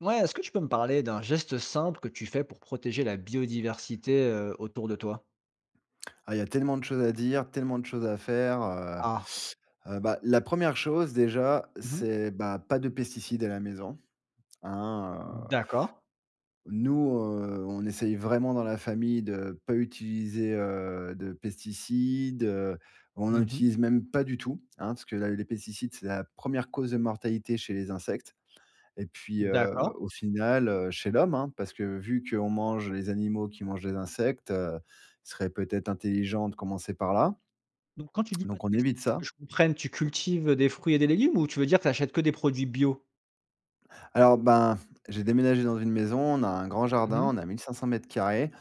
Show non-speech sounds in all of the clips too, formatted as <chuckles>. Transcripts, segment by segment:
Ouais, est-ce que tu peux me parler d'un geste simple que tu fais pour protéger la biodiversité, heu, autour de toi? Ah, il y a tellement de choses à dire, tellement de choses à faire. Heu Ah. heu, bah, la 1re chose déjà, Mmh mh. c'est, bah, pas de pesticides à la maison. Hein, heu D'accord. nous, heu, on essaye vraiment dans la famille de pas utiliser, heu, de pesticides, heu. On Mmh n'en mh. utilise même pas du tout, hein, parce que la les pesticides c'est la 1re cause de mortalité chez les insectes. Et puis, heu, D'accord. au final, heu, chez l'homme, hein, parce que vu qu'on mange les animaux qui mangent les insectes, heu, il serait peut-être intelligent de commencer par là Donc quand tu dis pas de donc on pesticides, évite que ça. je comprenne, tu cultives, heu, des fruits et des légumes ou tu veux dire tu achètes que des produits bio? Alors, ben, j'ai déménagé dans une maison, on a un grand Mmh jardin, mh. on a 1 500 m2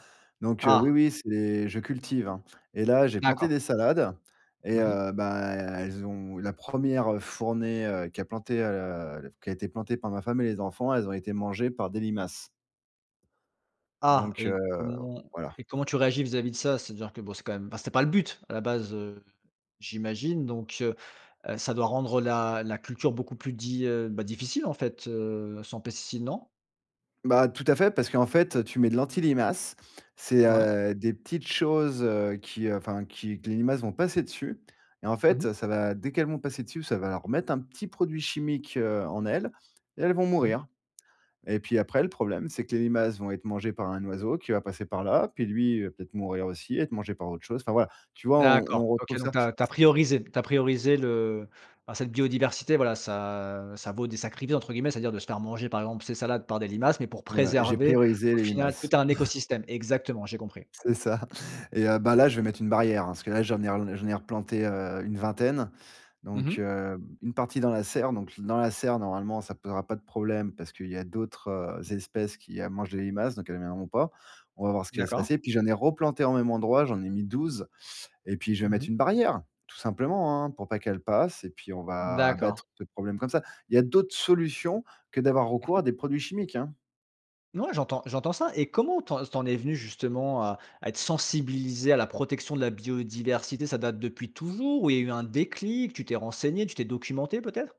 donc, heu, Ah! oui, oui, c'est je cultive, hein. Et là, j'ai planté D'accord. des salades et Mmh mh. heu, bah, elles ont la 1re heu, fournée, heu, qui a planté, heu, f qui a été plantée par ma femme et les enfants, elles ont été mangées par des limaces. Ah! Donc, Et heu, comment voilà. et comment tu réagis vis-à-vis de ça, c'est-à-dire que, bon, c'est quand même enfin, c'était pas le but à la base, heu, j'imagine? Donc, heu heu, ça doit rendre la la culture beaucoup plus di heu, ben, difficile en fait, heu, sans pesticides, non? Bah, tout à fait, parce qu'en fait, tu mets de l'anti-limaces, c'est, Ouais. heu, des petites choses, heu, qui, heu, enfin qui que les limaces vont passer dessus, et en Mmh mh. fait, ça va, dès qu'elles vont passer dessus, ça va leur mettre un petit produit chimique, heu, en elles et elles vont Mmh mh. mourir, et puis après le problème, c'est que les limaces vont être mangées par un oiseau qui va passer par là, puis lui, il va peut-être mourir aussi, être mangé par autre chose. Enfin voilà. Tu vois, on D'accord, on OK, repousse donc ça tu as tu as s priorisé tu as priorisé le enfin, cette biodiversité. Voilà, ça ça vaut des sacrifiés entre guillemets, c'est-à-dire de se faire manger, par exemple, ses salades par des limaces, mais pour Ouais, j'ai préserver, priorisé au les final, tout limaces. un <chuckles> écosystème. Exactement, j'ai compris. C'est ça, et heu, bah, là, je vais mettre une barrière, hein, parce que là, j'en ai relan j'en ai replantées, heu, une vingtaine, Mmh mh. donc, heu, une partie dans la serre, donc dans la serre, normalement, ça posera pas de problème parce qu'il y a d'autres, heu, espèces qui, heu, mangent les limaces, donc elles viendront pas. On va voir ce qui va se passer. D'accord. Puis j'en ai replantées en même endroit, j'en ai mis 12,, et puis je vais Mmh mettre mh. une barrière, tout simplement, hein, pour pas qu'elles passent et puis on va abattre D'accord. le problème comme ça. Il y a d'autres solutions que d'avoir recours Mmh à mh. des produits chimiques, hein. N ouais, j'entends j'entends ça et comment tu en s tu en es venu, justement, à à être sensibilisé à la protection de la biodiversité? Ça date depuis toujours? Ou il y a eu un déclic? Tu t'es renseigné? Tu t'es documenté, peut-être?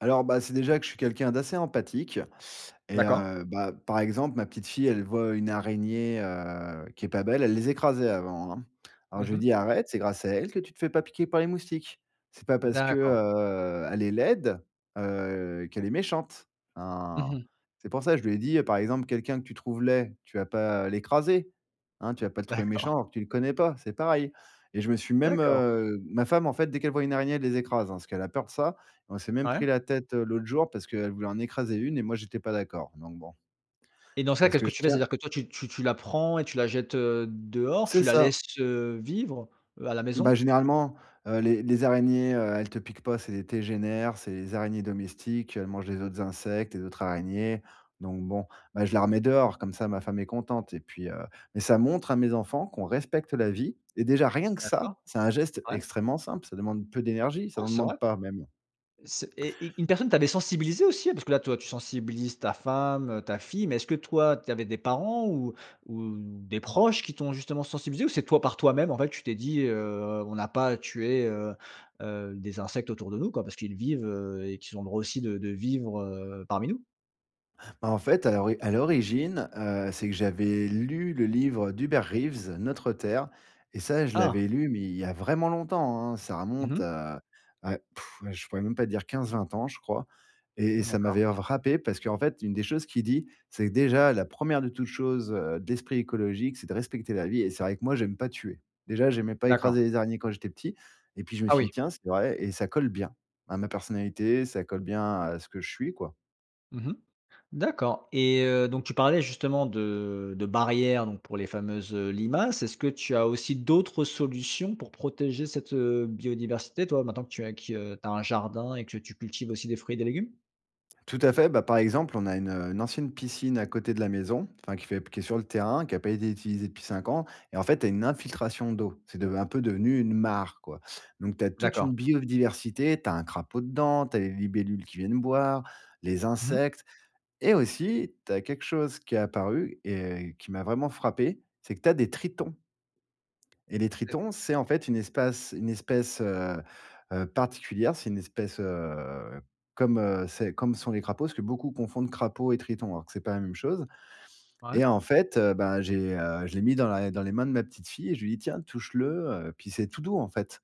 Alors, bah, c'est déjà que je suis quelqu'un d'assez empathique et D'accord. heu, bah, par exemple, ma petite fille, elle voit une araignée, heu, qui est pas belle, elle les écrasait avant, hein. Alors Mmh je lui mh. dis: «Arrête, c'est grâce à elle que tu te fais pas piquer par les moustiques. C'est pas parce, D'accord. heu, elle est laide, heu, qu'elle est méchante». Mmh Hein, mh. c'est pour ça je lui ai dit, par exemple,: «Quelqu'un que tu trouves laid, tu vas pas l'écraser, hein? Tu vas pas le trouver D'accord. méchant alors que tu le connais pas, c'est pareil» et je me suis même, D'accord. heu ma femme, en fait, dès qu'elle voit une araignée, elle les écrase, hein, parce qu'elle a peur de ça, on s'est même Ouais. pris la tête, heu, l'autre jour, parce qu'elle voulait en écraser une et moi j'étais pas d'accord, donc bon Et dans ça, parce qu'est-ce que que je tu fais? tiens C'est-à-dire que toi, tu tu tu la prends et tu la jettes, heu, dehors? C'est Tu la ça. laisses, heu, vivre? Heu, à la Bah, maison? généralement, heu, les les araignées, heu, elles te piquent pas, c'est des tégénaires, c'est les araignées domestiques, elles mangent les autres insectes, les autres araignées, donc bon, bah, je la remets dehors, comme ça, ma femme est contente et puis, heu mais, ça montre à mes enfants qu'on respecte la Mmh. vie et déjà, rien que ça, D'accord. c'est un geste Ouais. extrêmement simple, ça demande peu d'énergie, ça Ouais n'en c'est vrai. demande pas, même. C'est et et une personne t'avait sensibilisé, aussi? Parce que, là, toi, tu sensibilises ta femme, heu, ta fille, mais est-ce que, toi, tu avais des parents ou ou des proches qui t'ont, justement, sensibilisé? Ou c'est toi, par toi-même, en fait, tu t'es dit: «Heu, on n'a pas à tuer, heu heu, des insectes autour de nous, quoi, parce qu'ils vivent, heu, et qu'ils ont droit aussi de de vivre, heu, parmi nous»? Bah, en fait, à l'ori à l'origine, heu, c'est que j'avais lu le livre d'Hubert Reeves «Notre Terre» et ça, je Ah! l'avais lu, mais il y a vraiment longtemps, hein! Ça Mmh remonte, mh. à à <blows air> à je pourrais même pas dire, 15-20 ans, je crois et et ça D'accord. m'avait frappé, parce qu'en fait, une des choses qu'il dit, c'est que, déjà, la 1ère de toute chose, heu, d'esprit écologique, c'est de respecter la vie et c'est vrai que, moi, j'aime pas tuer. Déjà, j'aimais pas D'accord. écraser les araignées, quand j'étais petit et puis je me Ah suis oui. dit: «Tiens, c'est vrai et ça colle bien, à ma personnalité, ça colle bien à ce que je suis quoi». Mmh mh. D'accord et heu, donc tu parlais justement de de barrières, donc pour les fameuses, heu, limaces. Est-ce que tu as aussi d'autres solutions pour protéger cette, heu, biodiversité, toi, maintenant que tu as que tu as un jardin et que tu cultives aussi des fruits et des légumes? Tout à fait, bah, par exemple, on a une, heu, une ancienne piscine, à côté de la maison, enfin, qui fait p qui est sur le terrain, qui a pas été utilisée depuis 5 ans et en fait, tu as une infiltration d'eau. C'est deve un peu devenu une mare quoi, donc, tu as toute D'accord. une biodiversité, tu as un crapaud dedans, tu as les libellules qui viennent boire, les Mmh mh. insectes et aussi, tu as quelque chose qui est apparu et qui m'a vraiment frappé, c'est que, tu as des tritons et les tritons, <unintelligible> c'est, en fait, une espace une espèce, heu heu, particulière, c'est une espèce, heu, comme, heu, c'est comme sont les crapauds, parce que beaucoup confondent crapaud et triton, alors que c'est pas la même chose Ouais. et en fait, heu, bah, j'ai, heu, je l'ai mis dans la dans les mains de ma petite fille et je lui dis: «Tiens, touche-le heu» puis c'est tout doux, en fait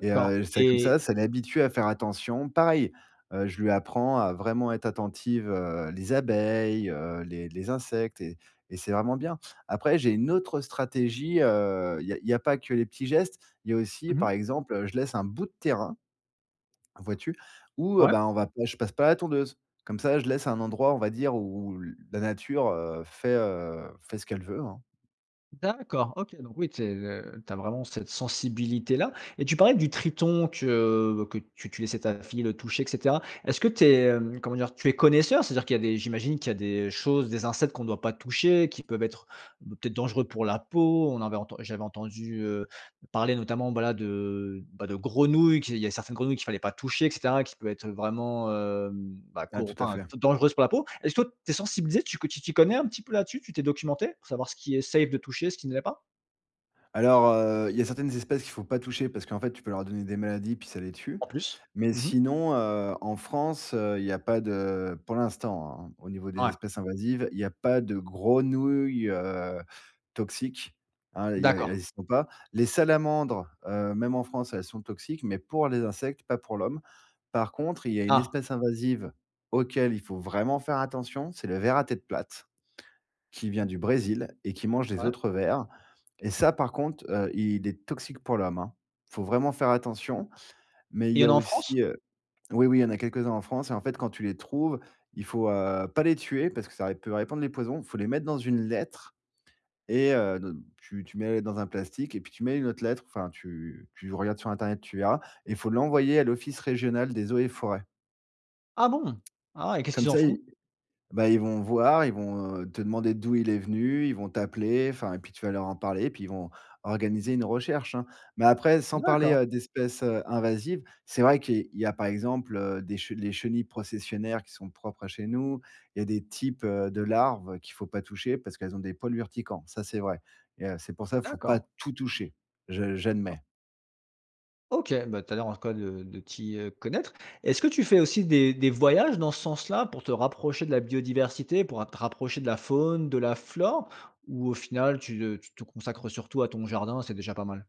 et heu, ça comme ça, et ça l'habitue à faire attention. Pareil, heu, je lui apprends à vraiment être attentive, heu, les abeilles, heu, les les insectes et et c'est vraiment bien. Après, j'ai une autre stratégie, heu, il y a il y a pas que les petits gestes, il y a aussi, Mmh mh. par exemple, je laisse un bout de terrain, vois-tu? Où, heu, Ouais. bah, on va pas je passe pas à la tondeuse, comme ça, je laisse un endroit, on va dire, où où l la nature, heu, fait, heu, fait ce qu'elle veut, hein. D'accord, OK, donc oui, tu es, heu, tu as vraiment cette sensibilité-là et tu parlais du triton que que tu tu laissais ta fille le toucher et cetera. Est-ce que tu es, hem, comment dire? Tu es connaisseur? C'est-à-dire qu'il y a des j'imagine qu'il y a des choses, des insectes, qu'on doit pas toucher, qui peuvent être b peut-être, dangereux pour la peau? On avait enten j'avais entendu, heu, parler, notamment, bah, la de, bah, de grenouilles, qu'il y a certaines grenouilles qu'il fallait pas toucher et cetera, qui peut être, vraiment, mmh, bah, Ah, co tout à enfin, fait. dan dangereuse pour la peau. Est-ce que tu es sensibilisé, tu que tu t'y connais un petit peu, là-dessus? Tu t'es documenté pour savoir ce qui est safe de toucher, ce qui ne l'est pas? Alors, heu, il y a certaines espèces qu'il faut pas toucher, parce qu'en fait, tu peux leur donner des maladies, puis ça les tue, En plus. mais Mmh mh. sinon, heu, en France, il y a pas de- pour l'instant, hein, au niveau des Ouais. espèces invasives- il y a pas de grenouilles, heu, toxiques, hein, il y a il y D'accord. a elles y sont pas. Les salamandres, heu, même en France, elles sont toxiques, mais pour les insectes, pas pour l'homme. Par contre, il y a une Ah. espèce invasive, auquel il faut vraiment faire attention, c'est le ver à tête plate, qui vient Mmh. du Brésil et qui mange les Ouais. autres vers et ça par contre, heu, il est toxique pour l'homme, hein. Faut vraiment faire attention, mais il Et il y y en a a en aussi France? heu oui, oui, il y en a quelques-uns en France et en fait, quand tu les trouves, il faut, heu, pas les tuer parce que ça ré peut répandre les poisons, il faut les mettre dans une lettre et heu, ne tu tu mets la lettre dans un plastique et puis tu mets une autre lettre, enfin, tu tu regardes sur Internet, tu verras, il faut Ouais. l'envoyer à l'Office Régional des eaux et Forêts. Ah bon. Ah et qu'est-ce Comme qu'ils en ça, ils font? bah ils vont voir, ils vont, heu, te demander d'où il est venu, ils vont t'appeler, enfin et puis tu vas leur en parler et puis ils vont organiser une recherche, hein, mais après, sans parler, D'accord. heu, d'espèces, heu, invasives, c'est vrai qu'il y a par exemple, heu, des les chenilles processionnaires qui sont propres à chez nous, il y a des types, heu, de larves qu'il faut pas toucher, parce qu'elles ont des poils urticants, ça, c'est vrai, et heu, c'est pour ça faut pas D'accord. tout toucher, je j'admets. OK. Bah, tu as l'air en tout cas de de t'y, heu, connaître. Est-ce que tu fais aussi des des voyages, dans ce sens-là, pour te rapprocher de la biodiversité, pour a te rapprocher de la faune, de la flore? Ou au final, tu, heu, tu te consacres surtout à ton jardin et c'est déjà pas mal?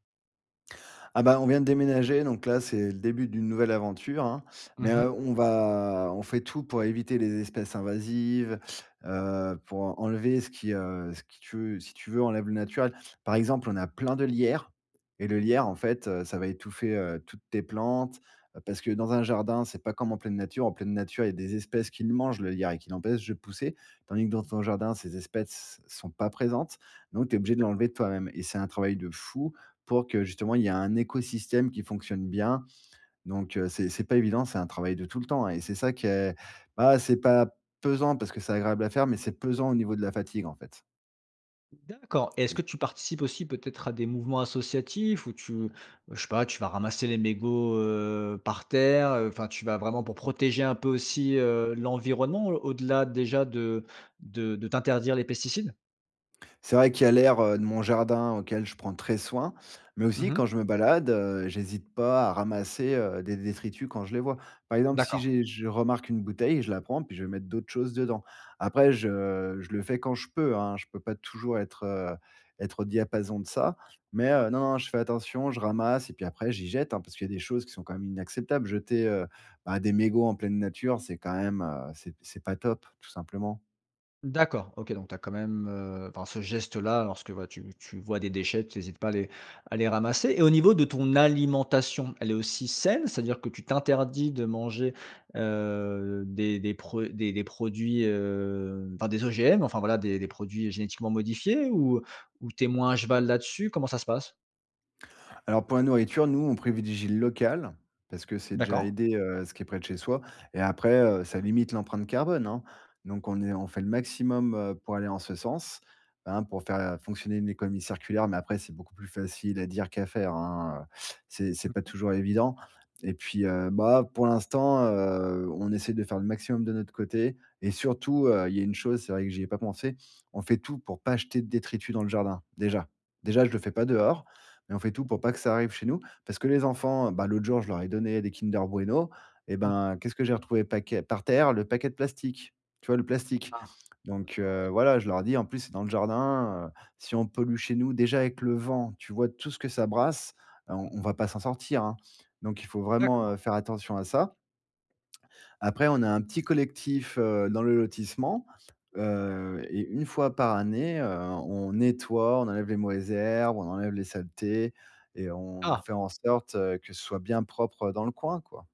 Ah, bah, on vient de déménager, donc là c'est le début d'une nouvelle aventure, hein. Mmh Mais, heu, mh. on va on fait tout pour éviter les espèces invasives, heu, pour en enlever ce qui, heu, ce qui tu veux si tu veux, enlève le naturel. Par exemple, on a plein de lierre et le lierre, en fait, heu, ça va étouffer, heu, toutes tes plantes, heu, parce que, dans un jardin, c'est pas comme en pleine nature. En pleine nature, il y a des espèces qui le mangent le lierre et qui l'empêchent de pousser. Tandis que, dans ton jardin, ces espèces sont pas présentes donc tu es obligé de D'accord. l'enlever de toi-même et c'est un travail de fou, pour que, justement, il y ait un écosystème qui fonctionne bien donc, heu, c'est c'est pas évident, c'est un travail de tout le temps et c'est ça qui est bah, c'est pas pesant, parce que c'est agréable à faire, mais c'est pesant, au niveau de la fatigue, en fait. D'accord et Et est-ce que c tu participes aussi, peut-être, à des mouvements associatifs, où tu je sais pas, tu vas ramasser les mégots, heu, par terre? Heu, enfin, tu vas vraiment pour protéger un peu aussi, heu, l'environnement? Au-delà, déjà, de de de t'interdire les pesticides? C'est vrai qu'il y a l'air, heu, de mon jardin auquel je prends très soin, mais Mmh aussi mh. quand je me balade, heu, j'hésite pas à ramasser, heu, des détritus quand je les vois. Par exemple, si D'accord. j'ai je remarque une bouteille, je la prends puis je vais mettre d'autres choses dedans. Après je je le fais quand je peux, hein. Je peux pas toujours être, heu, être au diapason de ça, mais, Ouais. heu, non, non je fais attention, je ramasse et puis après j'y jette, hein. Parce qu'il y a des choses qui sont quand même inacceptables, jeter, heu, bah, des mégots en pleine nature, c'est quand même, heu, c'est p c'est pas top, tout simplement. D'accord, OK, donc tu as quand même, heu enfin ce geste là, lorsque, voilà, tu tu vois des déchets, tu hésites pas à les à les ramasser. Et au niveau de ton alimentation, elle est aussi saine? C'est-à-dire que tu t'interdis de manger, heu, des des pro des des produits, heu enfin, des OGM, enfin, voilà, des des produits génétiquement modifiés? Ou ou tu es moins à cheval là-dessus? Comment ça se passe? Alors pour la nourriture, nous, on privilégie le local, parce que c'est déjà D'accord. aider, heu, ce qui est près de chez soi et après, heu, ça limite l'empreinte carbone, hein. Donc on est on fait le maximum, heu, pour aller en ce sens, hein. Pour faire fonctionner une économie circulaire, mais après, c'est beaucoup plus facile à dire qu'à faire, hein, heu, c'est c'est Mmh pas mh. toujours évident. Et puis heu, bah, pour l'instant, heu, on essaie de faire le maximum de notre côté et surtout, heu, il y a une chose- c'est vrai que j'y ai pas pensé- on fait tout pour pas jeter de détritus dans le jardin, déjà. Déjà, je le fais pas dehors, mais on fait tout pour pas que ça arrive chez nous. Parce que les enfants, bah, l'autre jour je leur ai donné des Kinder Bueno. Et Mmh mh. ben, qu'est-ce que j'ai retrouvé paquet par terre? Le paquet de plastique, tu vois? Le plastique. Ah! Donc, D'accord, heu, ouais. voilà, je leur ai dit en plus, c'est dans le jardin, heu, si on pollue chez nous déjà avec le vent, tu vois tout ce que ça brasse, heu, on Mmh on mh. va pas s'en sortir, hein. Donc il faut vraiment, D'accord. heu, faire attention à ça. Après on a un petit collectif, heu, dans le lotissement, heu, et une fois par année, heu, on nettoie, on enlève les mauvaises herbes, on enlève les saletés et on Ah! fait en sorte heu, que ce soit bien propre dans le coin, quoi.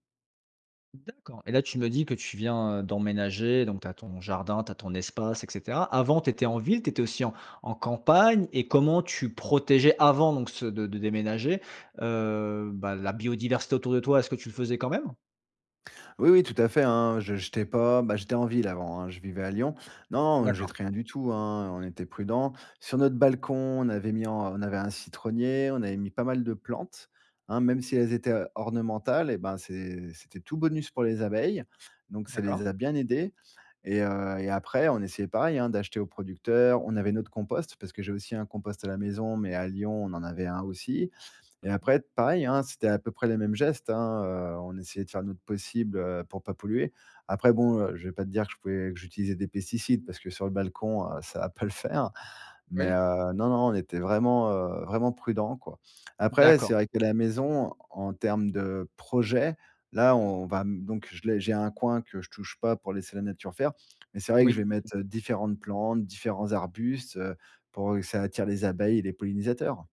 D'accord et là, tu me dis que tu viens, heu, d'emménager, donc tu as ton jardin, tu as ton espace, et cetera. Avant tu étais en ville, tu étais aussi en en campagne et comment tu protégeais avant donc ce de de déménager, heu, bah, la biodiversité autour de toi, est-ce que tu le faisais quand même? Oui, oui tout à fait, hein, je j'étais pas, bah, j'étais en ville avant, hein, je vivais à Lyon. Non, non, on D'accord. jette rien du tout, hein, on était prudents. Sur notre balcon, on avait mis en on avait un citronnier, on avait mis pas mal de plantes, hein, même si elles étaient, heu, ornementales eh ben, c'est c'était tout bonus pour les abeilles, donc ça D'accord. les a bien aidées. Et heu, et après, on essayait, pareil hein, d'acheter aux producteurs, on avait notre compost- parce que j'ai aussi un compost à la maison, mais à Lyon, on en avait un aussi- et Mmh mh. après pareil, hein, c'était à peu près les mêmes gestes, hein, heu, on essayait de faire notre possible, heu, pour pas polluer. Après bon, heu, je vais pas te dire que je pouvais que j'utilisais des pesticides parce que sur le balcon, heu, ça va pas le faire, mais, Oui. heu, non, non, on était vraiment, heu, vraiment prudents, quoi. Après, D'accord. c'est vrai que la maison, en termes de projet, là on va m donc je l'ai j'ai un coin que je touche pas pour laisser la nature faire, mais c'est vrai que Oui. je vais <unintelligible> mettre différentes plantes, différents arbustes, heu, pour que ça attire les abeilles et les pollinisateurs.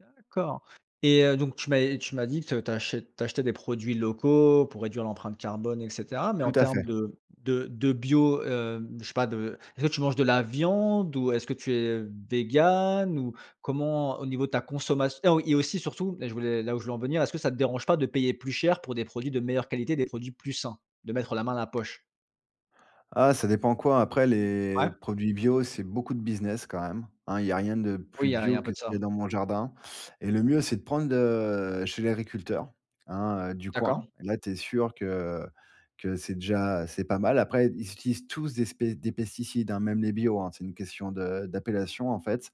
D'accord, et heu, donc tu m'av tu m'as dit que tu achètes tu achetais des produits locaux pour réduire l'empreinte carbone, et cetera, mais en Tout à termes fait. de de de bio, hem je sais pas de est ce que tu manges de la viande ou est-ce que tu es vegan? Ou comment au niveau de ta consommation heu, oh, et aussi surtout, là je voulais là où je veux en venir. Est-ce que ça te dérange pas de payer plus cher pour des produits de meilleure qualité, des produits plus sains, de mettre la main à la poche? Ah! Ça dépend quoi, après les Ouais. produits bio, c'est beaucoup de business quand même, hein. Il y a rien de Oui, il plus y a il y a bio un peu que de ce qu'il y ça. a dans mon jardin, et le mieux, c'est de prendre, heu, chez l'agriculteur. Hein, heu, du coin, D'accord. et là, tu es sûr que que c'est déjà c'est pas mal. Après, ils utilisent tous des spé des pesticides, hein, même les bio, hein. C'est une question de d'appellation, en fait.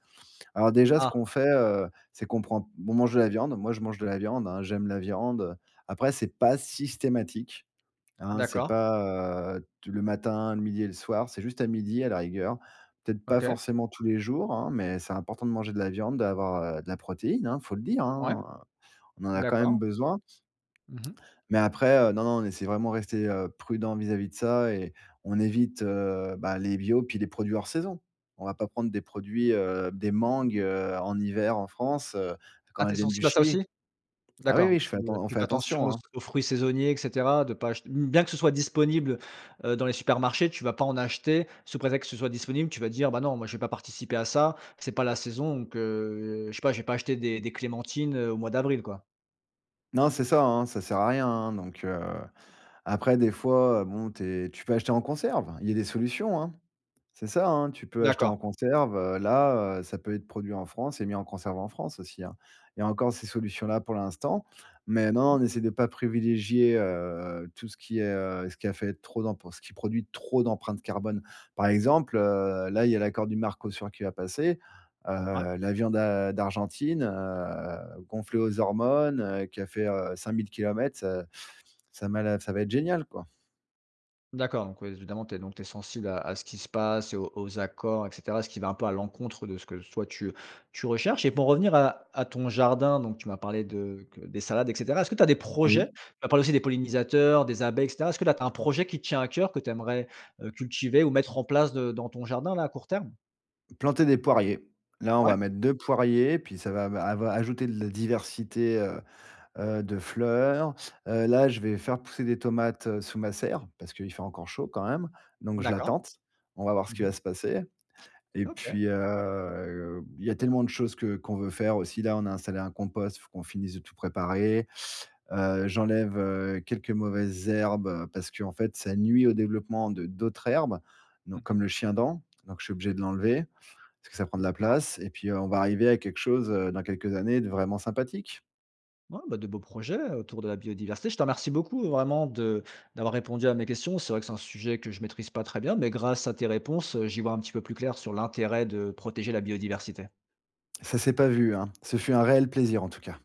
Alors déjà, ce Ah. qu'on fait, heu, c'est qu'on prend on mange de la viande, moi, je mange de la viande, hein. J'aime la viande, heu, après, c'est pas systématique, hein. C'est D'accord. pas, heu, t le matin, le midi et le soir. C'est juste à midi, à la rigueur. Peut-être pas OK. forcément tous les jours, hein, mais c'est important de manger de la viande, d'avoir, heu, de la protéine, hein. Il faut le dire, Ouais, hein. On en a quand même d'accord. besoin Mmh mh. mais après, heu, non, non, on essaie vraiment rester, heu, prudent vis-à-vis de ça et on évite, heu, bah, les bio puis les produits hors saison. On va pas prendre des produits, heu, des mangues, heu, en hiver, en France, heu, Ah, quand tu es elles viennent du sensible à ça Chili aussi. ah oui, D'accord, oui je fais tu, atten heu, on tu fait fais attention attention, auss hein. aux fruits saisonniers, et cetera. De pas acheter mmh, bien que ce soit disponible, heu, dans les supermarchés, tu vas pas en acheter sous prétexte que ce soit disponible, tu vas dire, bah, non, moi, je vais pas participer à ça, c'est pas la saison, donc heu, je sais pas, je vais pas acheter des des clémentines, heu, au mois d'avril, quoi. Non c'est ça, hein, ça sert à rien, hein, donc heu après des fois, bon tu es tu peux acheter en conserve. Il y a des solutions, hein. C'est ça, hein. Tu peux acheter en D'accord. conserve, heu, là, heu, ça peut être produit en France et mis en conserve en France aussi, hein. Il y a encore ces solutions-là pour l'instant, mais non, Mmh. on essaie de pas privilégier, heu, tout ce qui, heu, ce qui a fait trop d'emp ce qui produit trop d'empreinte carbone. Par exemple, heu, là, il y a l'accord du Mercosur qui va passer, Ouais. heu, la viande d'A d'Argentine, heu, gonflée aux hormones, heu, qui a fait, heu, 5 000 kilomètres, ça m'a l ça va être génial quoi. D'accord, donc oui, évidemment, tu es donc tu es sensible à à ce qui se passe et aux aux accords et cetera, ce qui va un peu à l'encontre de ce que s toi, tu tu recherches et pour revenir à à ton jardin, donc tu m'as parlé de que des salades et cetera. Est-ce que tu as des projets? Oui. Tu m'as parlé aussi des pollinisateurs, des abeilles, et cetera. Est-ce que, là, tu as un projet qui te tient à coeur, que tu aimerais, heu, cultiver ou mettre en place de dans ton jardin, là, à court terme? Planter des poiriers. Là on Ouais. va mettre 2 poiriers, puis ça va va ava ajouter de la diversité, heu heu, de fleurs. Heu, là je vais faire pousser des tomates, heu, sous ma serre. Parce qu'il fait encore chaud, quand même, donc je la D'accord. tente. On va voir ce Mmh qui mh. va se passer et OK. puis, heu, il y a tellement de choses que qu'on veut faire aussi. Là, on a installé un compost, faut qu'on finisse de tout préparer, heu, j'enlève, heu, quelques mauvaises herbes, parce qu'en fait, ça nuit au développement de d'autres herbes, donc Mmh mh. comme le chiendent, donc je suis obligé de l'enlever. Parce que ça prend de la D'accord. place et puis on va arriver à quelque chose, heu, dans quelques années de vraiment sympathique. Ouais, bah, de beaux projets, autour de la biodiversité. Je te remercie beaucoup, vraiment, de d'avoir répondu à mes questions. C'est vrai que c'est un sujet que je maîtrise pas très bien, mais grâce à tes réponses, heu, j'y vois un petit peu plus clair, sur l'intérêt de protéger la biodiversité. Ça s'est pas vu, hein. Ce fut un réel plaisir en tout cas.